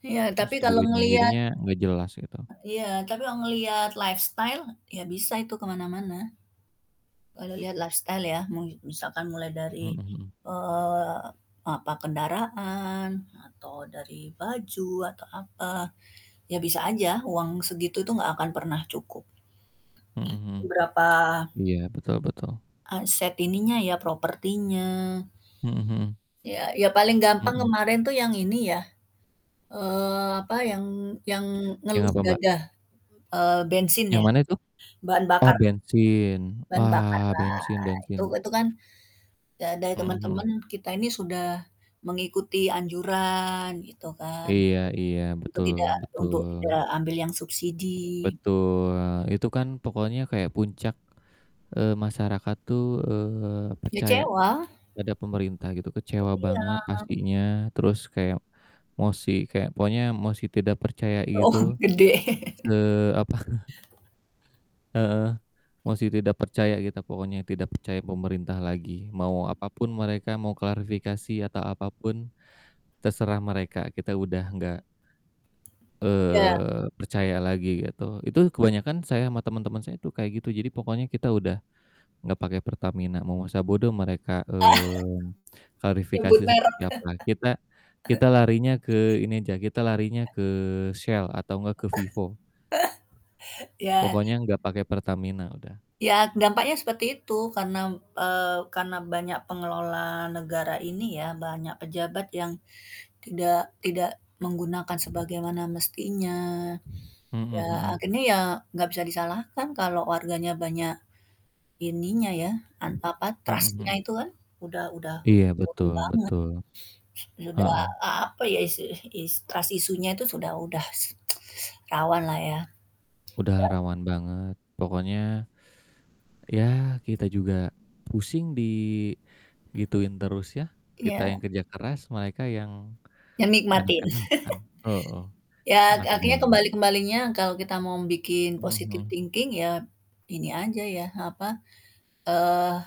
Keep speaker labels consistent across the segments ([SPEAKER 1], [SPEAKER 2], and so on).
[SPEAKER 1] Ya tapi
[SPEAKER 2] Ngasih
[SPEAKER 1] kalau
[SPEAKER 2] duitnya,
[SPEAKER 1] ngelihat
[SPEAKER 2] jadinya gak jelas gitu.
[SPEAKER 1] Iya, tapi kalau ngelihat lifestyle, ya bisa itu ke mana-mana. Kalau lihat lifestyle ya, mau misalkan mulai
[SPEAKER 2] Mhm
[SPEAKER 1] dari,
[SPEAKER 2] mhm.
[SPEAKER 1] eee, apa, kendaraan atau dari baju, atau apa, ya bisa aja uang segitu tuh gak akan pernah cukup.
[SPEAKER 2] Mhm mhm.
[SPEAKER 1] Berapa
[SPEAKER 2] Iya betul betul.
[SPEAKER 1] aset ininya ya, propertinya.
[SPEAKER 2] Mhm mhm.
[SPEAKER 1] Ya ya paling gampang
[SPEAKER 2] Mhm.
[SPEAKER 1] kemarin tuh yang ini ya, eee, apa yang yang
[SPEAKER 2] Yang
[SPEAKER 1] ngelus
[SPEAKER 2] apa Mbak?
[SPEAKER 1] dada, eee, bensin
[SPEAKER 2] Yang
[SPEAKER 1] ya,
[SPEAKER 2] mana itu?
[SPEAKER 1] bahan
[SPEAKER 2] Oh
[SPEAKER 1] bakar.
[SPEAKER 2] bensin.
[SPEAKER 1] Bahan
[SPEAKER 2] Wah,
[SPEAKER 1] bakarlah.
[SPEAKER 2] bensin
[SPEAKER 1] itu
[SPEAKER 2] bensin.
[SPEAKER 1] itu kan da dari
[SPEAKER 2] Mhm
[SPEAKER 1] temen-temen,
[SPEAKER 2] mhm.
[SPEAKER 1] kita ini sudah mengikuti anjuran gitu kan,
[SPEAKER 2] Iya iya,
[SPEAKER 1] untuk untuk
[SPEAKER 2] betul
[SPEAKER 1] tidak
[SPEAKER 2] betul.
[SPEAKER 1] untuk tidak ambil yang subsidi.
[SPEAKER 2] Betul, itu kan pokoknya kayak puncak, eee, masyarakat tuh, eee, percaya
[SPEAKER 1] Kecewa.
[SPEAKER 2] pada pemerintah gitu,
[SPEAKER 1] Put
[SPEAKER 2] kecewa
[SPEAKER 1] iya.
[SPEAKER 2] banget pastinya, terus kayak mosi kayak pokoknya mosi tidak percaya
[SPEAKER 1] Oh,
[SPEAKER 2] itu,
[SPEAKER 1] gede.
[SPEAKER 2] se apa Heeh, mosi tidak percaya kita pokoknya, tidak percaya pemerintah lagi, mau apapun mereka, mau klarifikasi atau apapun, terserah mereka, kita udah gak
[SPEAKER 1] Ya.
[SPEAKER 2] eee, percaya lagi gitu. Itu kebanyakan saya ama temen-temen saya tuh kayak gitu, jadi pokoknya kita udah gak pake Pertamina. Mau masa bodoh mereka, eee, klarifikasi
[SPEAKER 1] Nyebut
[SPEAKER 2] seperti
[SPEAKER 1] merek.
[SPEAKER 2] apa. Kita kita larinya ke ini aja, kita larinya ke Shell atau gak ke Vivo.
[SPEAKER 1] Ya.
[SPEAKER 2] Pokoknya gak pake Pertamina, udah.
[SPEAKER 1] Ya, dampaknya seperti itu karena m eee, karena banyak pengelola negara ini ya, banyak pejabat yang tidak tidak menggunakan sebagaimana mestinya.
[SPEAKER 2] Mhm
[SPEAKER 1] Ya
[SPEAKER 2] mhm.
[SPEAKER 1] akhirnya ya nggak bisa disalahkan kalau warganya banyak ininya ya, an apa,
[SPEAKER 2] Mhm
[SPEAKER 1] trust-nya
[SPEAKER 2] mhm.
[SPEAKER 1] itu kan udah udah udah
[SPEAKER 2] Iya,
[SPEAKER 1] turun
[SPEAKER 2] betul
[SPEAKER 1] banget.
[SPEAKER 2] betul.
[SPEAKER 1] Udah
[SPEAKER 2] Heeh.
[SPEAKER 1] apa ya, isu is trust issue-nya itu sudah udah rawanlah ya.
[SPEAKER 2] Udah
[SPEAKER 1] Dan
[SPEAKER 2] rawan banget, pokoknya, ya kita juga pusing digituin terus ya, kita yang
[SPEAKER 1] Iya.
[SPEAKER 2] kerja keras, mereka yang
[SPEAKER 1] Ya nikmatin.
[SPEAKER 2] enak-enakan, heeh.
[SPEAKER 1] Ya ak
[SPEAKER 2] Enak
[SPEAKER 1] akhirnya
[SPEAKER 2] banget.
[SPEAKER 1] kembali-kembalinya kalau kita mau bikin
[SPEAKER 2] Mhm
[SPEAKER 1] positive
[SPEAKER 2] mhm.
[SPEAKER 1] thinking ya ini aja ya, apa, eee,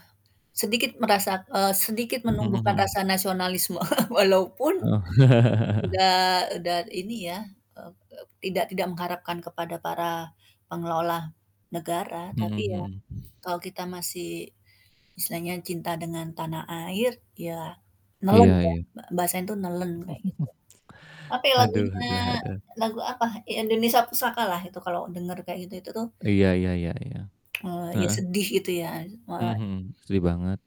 [SPEAKER 1] sedikit merasa eee, sedikit
[SPEAKER 2] Mhm
[SPEAKER 1] menumbuhkan
[SPEAKER 2] mhm.
[SPEAKER 1] rasa nasionalisme walaupun
[SPEAKER 2] Heeh.
[SPEAKER 1] udah udah ini ya, eee eee, tidak tidak mengharapkan kepada para pengelola negara,
[SPEAKER 2] Mhm
[SPEAKER 1] tapi ya
[SPEAKER 2] mhm.
[SPEAKER 1] kalau kita masih misalnya cinta dengan tanah air ya, nelen
[SPEAKER 2] Iya
[SPEAKER 1] ya.
[SPEAKER 2] iya.
[SPEAKER 1] Ba bahasanya itu "nelen" kayak gitu. Apa ya
[SPEAKER 2] Haduh
[SPEAKER 1] lagunya,
[SPEAKER 2] haduh haduh.
[SPEAKER 1] lagu apa, Indonesia Pusaka lah itu kalau denger kayak gitu itu tuh
[SPEAKER 2] Iya iya iya iya.
[SPEAKER 1] eee, ya
[SPEAKER 2] Heeh.
[SPEAKER 1] sedih gitu ya,
[SPEAKER 2] Mmm,
[SPEAKER 1] malah
[SPEAKER 2] mhm. Setuju banget.